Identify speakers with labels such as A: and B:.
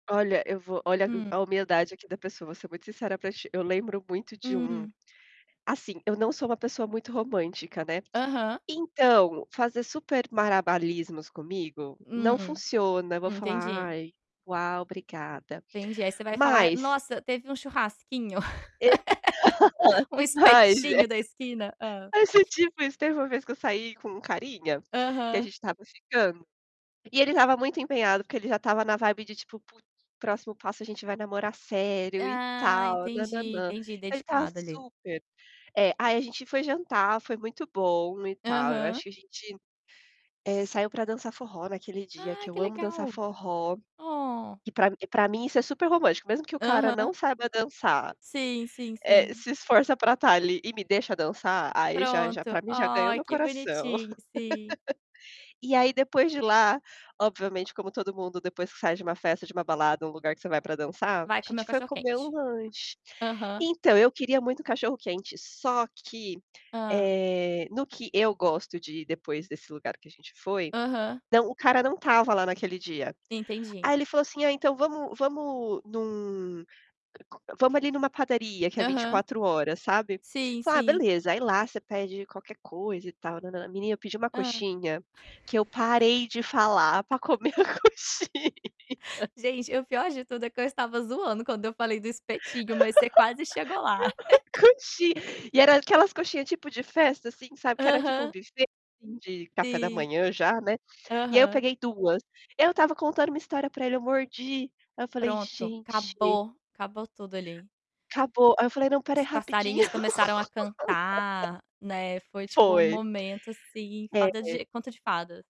A: Olha, eu vou olha a
B: Hum.
A: humildade aqui da pessoa, vou ser muito sincera para ti, eu lembro muito de um,
B: Hum.
A: assim, eu não sou uma pessoa muito romântica, né.
B: Aham.
A: Então, fazer super malabarismos comigo, não
B: Hum,
A: funciona, eu vou falar:
B: entendi.
A: "Ai, uau obrigada".
B: Entendi aí você vai falar:
A: Mas
B: "Nossa teve um churrasquinho,
A: E
B: um
A: Mas é
B: espetinho da esquina." Hã?
A: Mas é tipo isso, teve uma vez que eu saí com carinha, que a
B: Aham.
A: gente estava ficando, e ele estava muito empenhado, porque ele já estava na vibe de tipo "Putz, próximo passo a gente vai namorar sério e
B: Ah,
A: tal
B: entendi,
A: nãnãnã". Então
B: entendi
A: ele estava
B: dedicado ali.
A: super é, aí a gente foi jantar, foi muito bom e tal, eu
B: Aham.
A: acho que a gente, eh, saiu para dançar forró naquele dia
B: Ai
A: que
B: que
A: eu amo dançar
B: legal,
A: forró,
B: oh.
A: que para m para mim isso é super romântico, mesmo que o cara
B: Aham.
A: não saiba dançar,
B: Sim, sim,
A: eh,
B: sim.
A: se esforça para estar ali e me deixa dançar, aí já já
B: Pronto,
A: para mim já ganhou
B: ai
A: meu
B: que
A: coração.
B: bonitinho sim.
A: E aí depois de lá, obviamente como todo mundo depois que você sai de uma festa, de uma balada, uma lugar que você vai para dançar, a
B: Vai comer
A: gente
B: o
A: foi
B: cachorro quente.
A: comer um lanche.
B: Aham.
A: Então eu queria muito cachorro quente só que,
B: Hã.
A: eh, no que eu gosto de ir depois desse lugar que a gente foi,
B: Aham.
A: não o cara não estava lá naquele dia.
B: Entendi.
A: Aí ele falou assim: "Ah então vamos vamos num vamos ali numa padaria que é vinte e
B: Aham.
A: quatro horas", sabe?
B: Sim,
A: Falei: "Ah
B: sim.
A: beleza, aí lá você pede qualquer coisa e tal", menina pediu uma
B: Hã.
A: coxinha, que eu parei de falar para comer a coxinha.
B: Gente, o pior de tudo é que eu estava zoando quando eu falei do espetinho mas você quase chegou lá.
A: Coxinha, e era aquelas coxinha tipo de festa assim, sabe, que era tipo um
B: Aham.
A: buffet de café da
B: Sim.
A: manhã já, né. E aí eu
B: Aham.
A: peguei 2, eu estava contando uma história para ele eu mordi, aí eu falei:
B: Pronto,
A: "Gente"
B: acabou, acabou tudo ali.
A: Acabou, aí eu falei: "Não, espera aí
B: Os
A: rapidinho."
B: passarinhos começaram a cantar, né, foi tipo um
A: Foi.
B: momento, assim, fada
A: É.
B: de conta de fada.